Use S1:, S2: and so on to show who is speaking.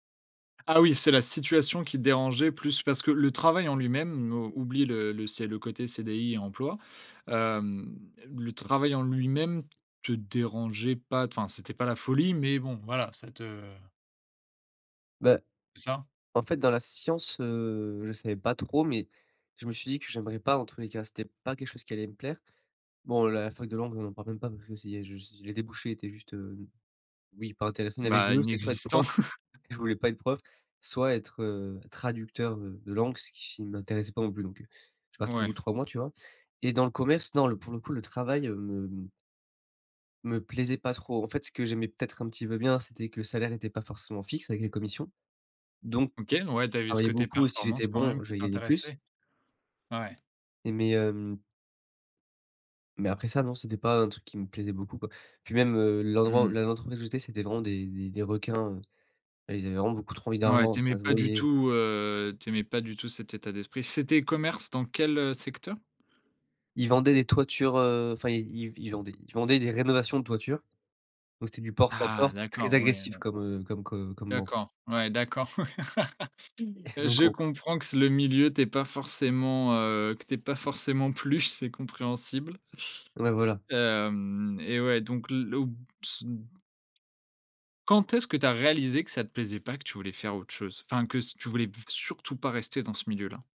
S1: Ah oui, c'est la situation qui te dérangeait plus, parce que, le travail en lui-même oublie le le c'est le côté CDI et emploi, hem, le travail en lui-même te dérangeait pas, t enfin, c'était pas la folie, mais bon, voilà, ça te
S2: Beh,
S1: C'est ça?
S2: en fait dans la science, heu, je savais pas trop, mais je me suis dit que j'aimerais pas, en tous les cas, que c'était pas quelque chose qui allait me plaire. Bon la fac de langue, on en parle même pas parce que si je les débouchés étaient juste, heu oui pas intéressantes. Il y avait, les
S1: Bah,
S2: 2 c'était soit être
S1: inexistant.
S2: prof, je voulais pas être prof, soit être, heu, traducteur heu de langue, ce qui m'intéressait pas non plus. Donc heu, je suis parti au bout
S1: Ouais.
S2: de 3 mois, tu vois, et dans le commerce, non, le pour le coup, le travail, heu, me me plaisait pas trop. En fait, ce que j'aimais peut-être un petit peu bien, c'était que le salaire était pas forcément fixe avec les commissions. Donc
S1: OK,
S2: si
S1: ouais, tu
S2: je
S1: avais ce
S2: travaillais
S1: coté
S2: beaucoup, si
S1: performance
S2: j'étais
S1: quand
S2: bon,
S1: même
S2: je
S1: qui
S2: vais gagner plus.
S1: t'intéressait? Ouais.
S2: Et mais hem mais après ça non, c'était pas un truc qui me plaisait beaucoup quoi. Puis même heu, l'endroit,
S1: Mmh.
S2: là où l'entreprise où j'étais, c'était vraiment des des des requins, heu. Ah, Ils avaient vraiment beaucoup trop envie
S1: Ouais,
S2: d'argent,
S1: tu aimais
S2: ça se
S1: pas du
S2: voyait.
S1: tout, heu tu aimais pas du tout cet état d'esprit. C'était commerce dans quel, heu, secteur?
S2: Ils vendaient des toitures, heu, enfin ils ils ils vendaient ils vendaient des rénovations de toiture. Donc c'était du porte à
S1: Ah
S2: porte. Très
S1: d'accord, ouais
S2: agressif
S1: non.
S2: comme heu comme comme comme vente.
S1: D'accord ouais d'accord je
S2: [unintelligible]
S1: comprends que ce le milieu, t'ait pas forcément, heu que t'ait pas forcément plu, c'est compréhensible,
S2: Ouais voilà.
S1: hem, et ouais donc là où [unintelligible] Quand est-ce que tu as réalisé que ça te plaisait pas, que tu voulais faire autre chose? Enfin que c que tu voulais v surtout pas rester dans ce milieu-là?